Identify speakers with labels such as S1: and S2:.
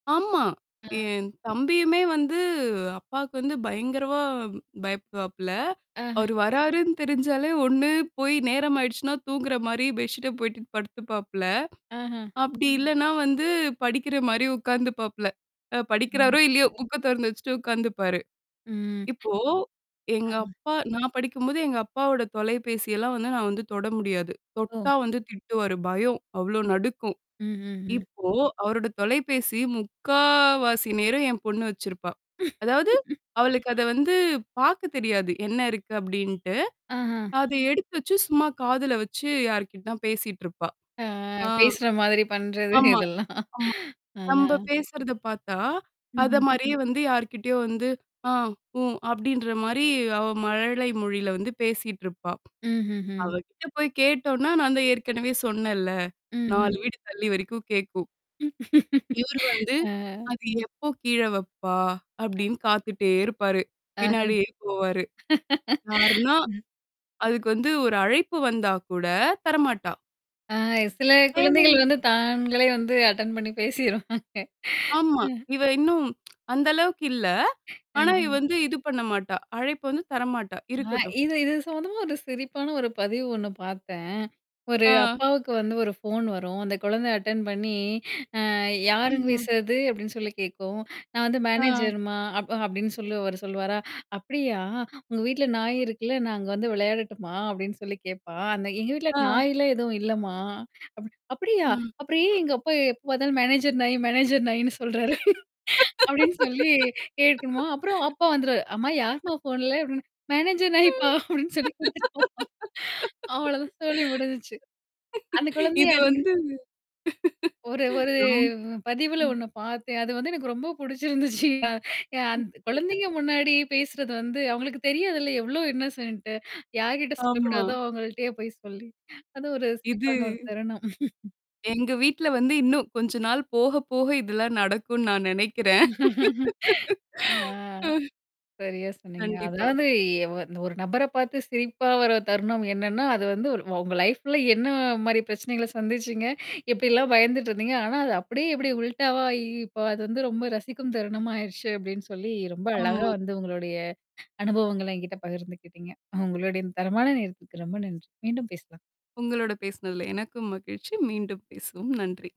S1: ஆமா.
S2: ஆ.
S1: என் தம்பியுமே வந்து அப்பாக்கு வந்து பயங்கரமா பயப்பிடுவாப்பில.
S2: அஹ.
S1: அவரு வர்றாருன்னு தெரிஞ்சாலே ஒண்ணு போய் நேரம் ஆயிடுச்சுன்னா தூங்குற மாரி பெட்ஷிட்ட போயிடு படுத்துப்பாப்ல.
S2: அஹ.
S1: அப்படி இல்லன்னா வந்து படிக்கிற மாரி உட்கார்ந்துபாப்ல. அ
S2: ம்.
S1: படிக்கிறாரோ, இல்லையோ புக்க தொறந்து வச்சுட்டு உட்காந்துப்பாரு.
S2: ம்.
S1: இப்போ,
S2: ஆ.
S1: எங்க அப்பா நான் படிக்கும்போது எங்க அப்பாவோட தொலைபேசியெல்லாம் வந்து நான் வந்து தொட முடியாது.
S2: ஓ.
S1: தொட்டா வந்து திட்டுவாரு. பயம். அவ்ளோ
S2: ம்.
S1: நடுக்கும்.
S2: ம்ஹ்ஹ்ம்.
S1: இப்போ அவரோட தொலைபேசி முக்காவாசி நேரும் என் பொண்ணு வச்சிருப்பா. அதாவது. அவளுக்கு அத வந்து பாக்க தெரியாது. என்ன இருக்கு? அப்டின்ட்டு.
S2: அஹ.
S1: அத எடுத்து வச்சு, சும்மா காதுல வச்சு யார்கிட்ட தான் பேசிட்டு இருப்பா.
S2: ஆ
S1: ஆ.
S2: பேசுற மாதிரி பண்றது
S1: ஆமா.
S2: இதெல்லாம்.
S1: ஆமா.
S2: ஆ.
S1: நம்ப பேசுறத பாத்தா, அத
S2: ம்ஹ்ம்.
S1: மாரியே வந்து யார்கிட்டயோ வந்து, ஆ உ அப்படின்ற மாரி அவ மழலை மொழியில வந்து பேசிட்டுருப்பா.
S2: ம்ஹ்ஹ்ம்.
S1: அவகிட்ட போய் கேட்டோனா, நான் தான் ஏற்கனவே சொன்னேன்ல.
S2: ம்ஹ்ம்.
S1: 4 வீடு தள்ளி வரைக்கும் கேக்கும். இவரு வந்து,
S2: ஆ.
S1: அது எப்போ கீழ வப்பா?
S2: ஆ.
S1: அப்படின்னு காத்துட்டே இருப்பாரு.
S2: ஆஹம்.
S1: பின்னாடியே போவாரு. யாருனா
S2: அ.
S1: அதுக்கு வந்து ஒரு அழைப்பு வந்தா கூட தரமாட்டா.
S2: ஆ சில குழந்தைகள்
S1: [unintelligible]
S2: வந்து தாங்களே வந்து அட்டெண்ட் பண்ணி பேசிருவாங்க,
S1: ஆமா.
S2: அ.
S1: இவ இன்னும். அந்த அளவுக்கு இல்ல. ஆனா, இ
S2: ஆஹம்.
S1: வந்து இது பண்ண மாட்டா. அழைப்பு வந்து தரமாட்டா.
S2: ஆ
S1: இருக்கட்டும்.
S2: இது இது சம்மந்தமா ஒரு சிரிப்பான ஒரு பதிவு ஒண்ணு பார்த்தேன். ஒரு
S1: ஆ.
S2: அப்பாவுக்கு வந்து ஒரு ஃபோன் வரும். அந்த குழந்த அட்டெண்ட் பண்ணி அ யாருங்க
S1: ம்ஹ்ம்.
S2: பேசுறது அப்டின்னு சொல்லி கேட்கும். நான் வந்து
S1: ஆ.
S2: மேனேஜர்மா அ அப் அப்படின்னு சொல்லி அவரு சொல்வாரா? அப்படியா? உங்க வீட்ல நாய் இருக்குல்ல, நான் அங்க வந்து விளையாடட்டுமா? அப்படின்னு சொல்லி கேப்பா. அந்த எங்க வீட்ல
S1: ஆ.
S2: நாய்லாம் எதுவும் இல்லம்மா? அப அப்படியா?
S1: ம்.
S2: அப்புறம் ஏன் எங்க அப்பா எப்ப பாத்தாலும் மேனேஜர் நாய், மேனேஜர் நாயின்னு சொல்றாரு அப்டின்னு சொல்லி கேக்குமா, அப்புறம் அப்பா வந்துருவாரு, அம்மா யார்ம்மா ஃபோன்ல? அப்டின்னு மேனேஜர் நாய்ப்பா அப்டின்னு சொல்லி குடுத்துட்டுப்போ அவ்ளோதான் சொல்லி முடிஞ்சுச்சு. அந்த குழந்தைய
S1: இது
S2: அடி
S1: வந்து,
S2: ஒரு ஒரு
S1: ரொம்
S2: பதிவுல
S1: ம்.
S2: ஒண்ணு பார்த்தேன். அது வந்து எனக்கு ரொம்ப பிடிச்சிருந்துச்சுயா! அந்த் குழந்தைங்க முன்னாடியே பேசுறது வந்து, அவங்களுக்கு தெரியாதுல்ல எவ்ளோ இன்னோசென்ட் யார்கிட்ட
S1: ஆமா.
S2: சொல்லக்கூடாதோ அவங்கள்ட்டயே போய் சொல்லி. அது ஒரு
S1: இது
S2: சிரிப்பான ஒரு தருணம்.
S1: எங்க வீட்ல வந்து இன்னும் கொஞ்ச நாள் போக, போக இதெல்லாம் நடக்கும்னு நான் நினைக்கிறேன்.
S2: அ.
S1: ம்.
S2: சரியா சொன்னீங்க.
S1: கண்டிப்பா.
S2: அதாவது ஒரு ஒரு நபர பார்த்து சிரிப்பா வர தருணம் என்னன்னா, அது வந்து உங்க லைஃப்ல என்ன மாரி பிரச்சனைகள சந்திச்சீங்க? எப்படிலாம் பயந்துட்டுருந்தீங்க? ஆனா, அது அப்படியே இப்படி உல்டாவாயி இப்ப அது வந்து ரொம்ப ரசிக்கும் தருணமாயிருச்சு அப்படின்னு சொல்லி ரொம்ப அழகா
S1: ஆமா.
S2: வந்து உங்களுடைய அனுபவங்கள என்கிட்ட பகிர்ந்துக்கிட்டீங்க. உங்களுடைய தரமான நேரத்துற்கு ரொம்ப நன்றி. மீண்டும் பேசலாம்.
S1: உங்களோட பேசினதுல எனக்கும் மகிழ்ச்சி. மீண்டும் பேசுவோம். நன்றி!